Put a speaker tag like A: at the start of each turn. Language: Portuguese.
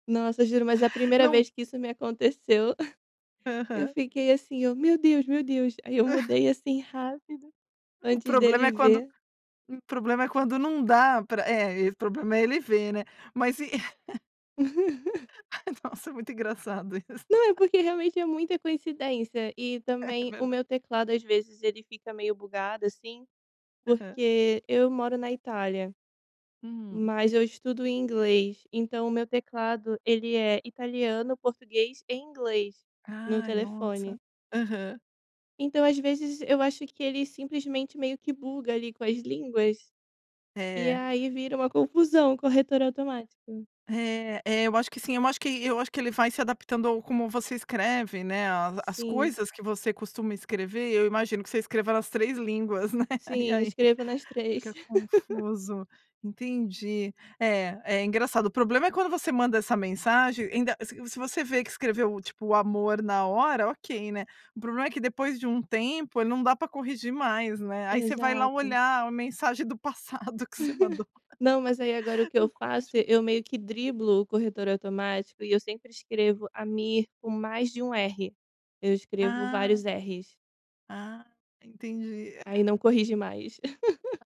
A: Nossa, juro, mas a primeira
B: Não.
A: vez que isso me aconteceu, eu
B: Aham.
A: fiquei assim, eu, "Meu Deus, meu Deus". Aí eu mudei, assim, rápido,
B: O
A: antes
B: problema
A: dele
B: é quando,
A: ver.
B: o problema é quando não dá pra é, o problema é ele ver, né. Mas e Nossa, muito engraçado isso.
A: Não, é porque realmente é muita coincidência e
B: É
A: também o
B: verda
A: meu teclado às vezes ele fica meio bugado, assim,
B: Aham.
A: porque eu moro na Itália,
B: Hum.
A: mas eu estudo em inglês, então o meu teclado ele é italiano, português e inglês no
B: Ai nossa.
A: telefone.
B: Aham.
A: Então às vezes eu acho que ele simplesmente meio que buga ali com as línguas, e
B: É.
A: aí vira uma confusão, corretor automático.
B: É é eu acho que sim, eu acho que eu acho que ele vai se adaptando ao como você escreve, né, a as
A: Sim.
B: coisas que você costuma escrever, eu imagino que você escreva nas 3 línguas, né. E
A: Sim,
B: aí
A: escrevo nas 3.
B: fica confuso, entendi. É é engraçado. O problema é quando você manda essa mensagem, ainda se se você vê que escreveu, tipo, o amor na hora, ok, né. O problema é que depois de um tempo, ele não dá pra corrigir mais, né. Aí você vai lá
A: Exato.
B: olhar a mensagem do passado que você mandou
A: Não, mas aí agora o que eu
B: no
A: faço,
B: [unintelligible]
A: eu meio que driblo o corretor automático e eu sempre escrevo Amir com mais de um R, eu escrevo
B: Ah.
A: vários erres.
B: Ah, entendi.
A: Aí não corrige mais.
B: A...